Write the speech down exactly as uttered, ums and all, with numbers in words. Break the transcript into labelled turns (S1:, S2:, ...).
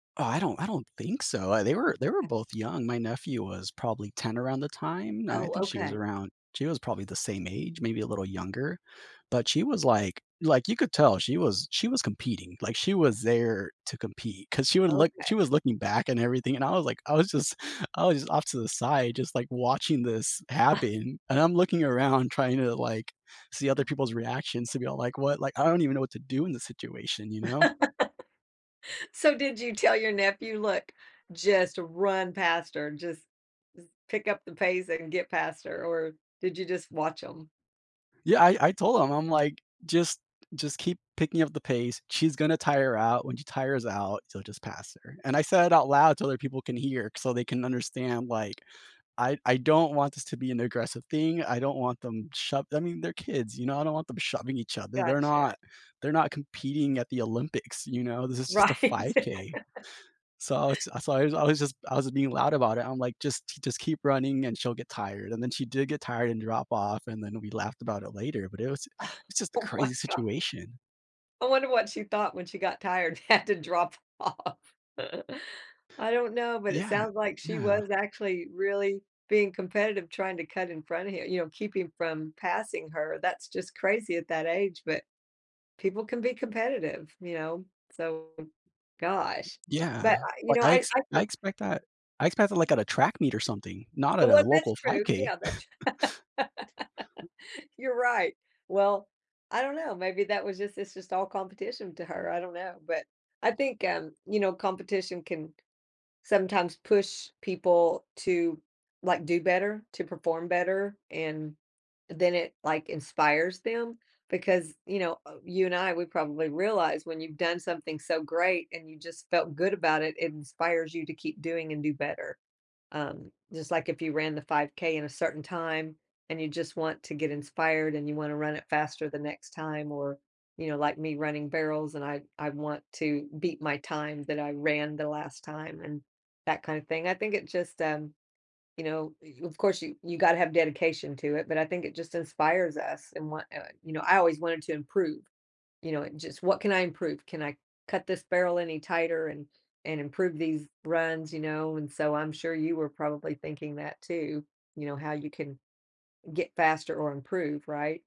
S1: Oh, I don't I don't think so, uh, they were they were
S2: Okay.
S1: both young. My nephew was probably ten around the time, and I
S2: Oh,
S1: think she was
S2: okay.
S1: around she was probably the same age, maybe a little younger, but she was like like, you could tell she was she was competing, like she was there to compete 'cause she would look
S2: Okay.
S1: she was looking back and everything, and I was like I was just I was j off to the side, just like watching this happen. And I'm looking around trying to like, see other people's reactions to be all like, "What?" like, I don't even know what to do in this situation, you know?
S2: So, did you tell your nephew, "Look, just run past her. Just just pick up the pace and get past her." Or did you just watch 'em?
S1: Yeah, I I told him, I'm like, "Just just keep picking up the pace. She's gonna tire out. When she tires out, so, just pass her." And I said it out loud so other people can hear, so they can understand, like, I I don't want this to be an aggressive thing, I don't want them shove I mean, they're kids, you know, I don't want them shoving each other. They're
S2: Gotcha.
S1: not they're not competing at the Olympics, you know? This is just a
S2: Right.
S1: five K. So, I was ju I was I was just I was being loud about it. I'm like, "Just just keep running and she'll get tired." And then she did get tired and drop off, and then we laughed about it later, but it was ju it's just a
S2: Oh my
S1: crazy
S2: god.
S1: situation.
S2: I wonder what she thought when she got tired, had to drop off. I don't know, but it
S1: Yeah,
S2: sounds like she
S1: yeah.
S2: was actually really being competitive trying to cut in front of hi you know, keeping from passing her. That's just crazy at that age, but people can be competitive, you know, so, gosh,
S1: Yeah,
S2: but I you
S1: but,
S2: know,
S1: I
S2: I
S1: ex
S2: I
S1: I
S2: think
S1: expect that. I expect it, like, at a track meet or something, not at
S2: Oh
S1: a
S2: well, that's
S1: local five
S2: true,
S1: K.
S2: yeah, that's tr you're right, well, I don't know, maybe that was just it's just all competition to her, I don't know, but, I think, um, you know, competition can sometimes push people to, like, do better, to perform better, and, eh, then it, like, inspires them because, you know, uh you and I, we probably realize when you've done something so great and you just felt good about it. It inspires you to keep doing and do better, um, just like if you ran the 5K in a certain time and you just want to get inspired, and you wanna run it faster the next time or, you know, like me running barrels and I I want to beat my time that I ran the last time and that kinda thing, I think it just, um, you know, y of course you you gotta have dedication to it, but I think it just inspires us and what, uh, you know, I always wanted to improve, you know, just "What can I improve? Can I cut this barrel any tighter and and improve these runs." You know? And so, I'm sure you were probably thinking that too, you know, how you can, get faster or improve, right?